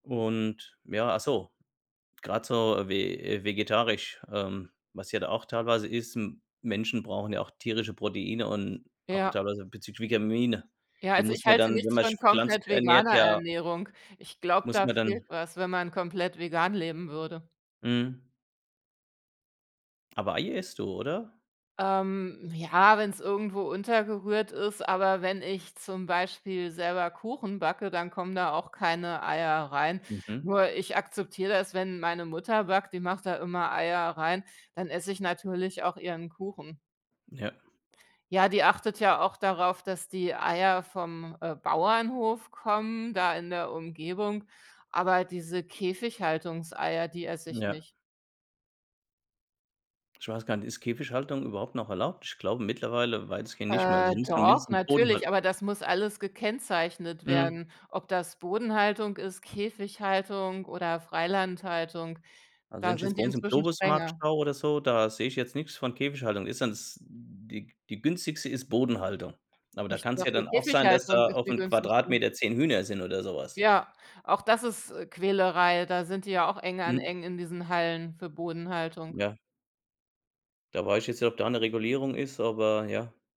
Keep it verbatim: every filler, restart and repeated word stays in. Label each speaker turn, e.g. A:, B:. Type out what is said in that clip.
A: Und, ja, ach so, grad so ve vegetarisch, ähm, was ja da auch teilweise ist, M Menschen brauchen ja auch tierische Proteine und auch
B: Ja.
A: teilweise bezüglich Vitamine,
B: Ja,
A: die
B: also,
A: muss
B: ich
A: man
B: halte
A: dann, wenn
B: nichts
A: man
B: von
A: sch
B: komplett
A: pflanzlich ernährt,
B: veganer
A: ja
B: Ernährung. Ich glaube,
A: muss
B: da
A: man
B: fehlt
A: dann
B: was, wenn man komplett vegan leben würde.
A: Mhm. Aber Ei isst du, oder?
B: Ähm, ja, wenn's irgendwo untergerührt ist, aber wenn ich zum Beispiel selber Kuchen backe, dann kommen da auch keine Eier rein.
A: Mhm.
B: Nur ich akzeptiere das, wenn meine Mutter backt, die macht da immer Eier rein, dann esse ich natürlich auch ihren Kuchen.
A: Ja.
B: Ja, die achtet ja auch darauf, dass die Eier vom, äh, Bauernhof kommen da in der Umgebung. Aber diese Käfighaltungseier, die esse ich
A: Ja.
B: nicht.
A: Ich weiß gar nicht, ist Käfighaltung überhaupt noch erlaubt? Ich glaube, mittlerweile weitestgehend nicht mehr. Also,
B: Äh,
A: die müssen ja
B: doch,
A: mindestens Bodenhalt
B: natürlich, aber das muss alles gekennzeichnet
A: Mhm.
B: werden, ob das Bodenhaltung ist, Käfighaltung oder Freilandhaltung.
A: Also, wenn
B: Da
A: ich
B: sind
A: jetzt
B: die
A: bei uns im
B: inzwischen
A: Globus Markt
B: strenger.
A: schaue oder so, da sehe ich jetzt nix von Käfighaltung. Ist dann das die g die günstigste ist Bodenhaltung, aber da
B: Ich
A: kann's ja
B: dachte
A: dann auch sein, dass
B: Käfighaltung
A: da
B: ist die
A: auf'm
B: günstigste?
A: Quadratmeter zehn Hühner sind oder so was.
B: Ja, auch das ist, äh, Quälerei. Da sind die ja auch eng an
A: Mhm.
B: eng in diesen Hallen für Bodenhaltung.
A: Ja. Da weiß ich jetzt nicht, ob da 'ne Regulierung ist, aber ja.